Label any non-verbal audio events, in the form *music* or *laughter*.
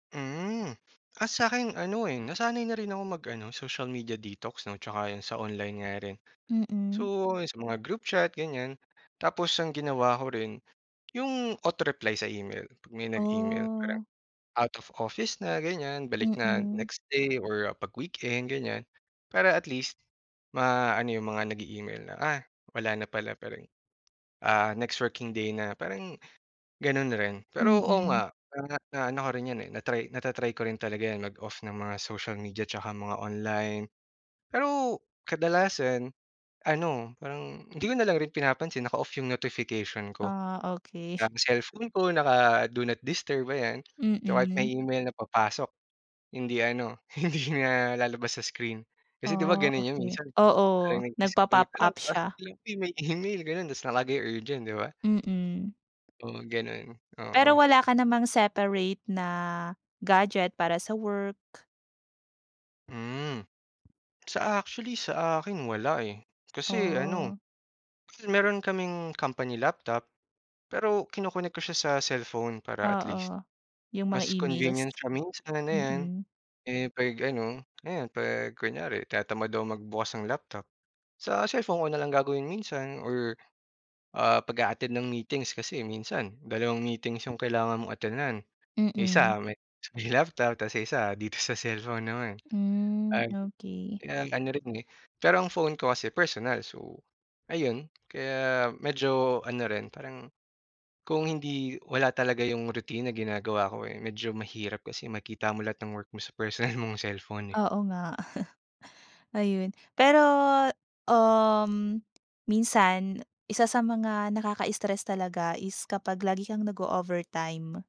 Mm. Ah, sa'kin ano, eh, nasanay na rin ako mag ano, social media detox 'no tsaka yun sa online nga rin. Mm. So, sa mga group chat, ganyan. Tapos ang ginawa ko rin yung auto reply sa email, 'pag may nag-email parang Oh. out of office na ganyan, balik na Mm. next day or 'pag weekend, ganyan para at least maano yung mga nag-e-email na, "Ah, wala na pala parang, ah, next working day na," parang ganun rin. Pero oo Mm. nga, parang naano ko rin 'yan, eh, na-try nata-try ko rin talaga 'yan, mag-off ng mga social media tsaka mga online. Pero kadalasan ano, parang hindi ko nalang rin pinapansin, naka-off yung notification ko. Ah, okey. Ang cellphone ko naka-do not disturb, ayan. Kaya kahit may Mm. email na papasok hindi ano, hindi na lalabas sa screen. Kasi di ba Ah, ganun yun okey. minsan Oo, parang nag-disconnect nagpa-pop ka lang up tapos siya. may email gano'n tapos nakalagay urgent, di ba? Mm. Oo, gano'n, Pero oo. wala ka namang separate na gadget para sa work? Hmm. Sa actually sa akin wala, eh, kasi ano, Oh. meron kaming company laptop, pero kino-connect ko siya sa cellphone para at least Oo, yung mga mas emails. convenience siya minsan, ayan, Mm. eh, 'pag ano, ayan 'pag kunyari tinatamad akong magbukas ng laptop, sa cellphone ko na lang gagawin minsan or, ah, 'pag a-attend ng meetings kasi minsan dalawang meetings yung kailangan mong attendan. Yung Mm. isa may laptop tas yung isa dito sa cellphone naman. Hmm, Ah, okey. kaya ano rin, eh, pero ang phone ko kasi personal so ayun kaya medyo ano rin parang kung hindi wala talaga yung routine na ginagawa ko, eh, medyo mahirap kasi makikita mo lahat ng work mo sa personal mong cellphone, eh. Oo nga. *chuckles* Ayun, pero, um, minsan isa sa mga nakaka-stress talaga is kapag lagi kang nag-o-overtime.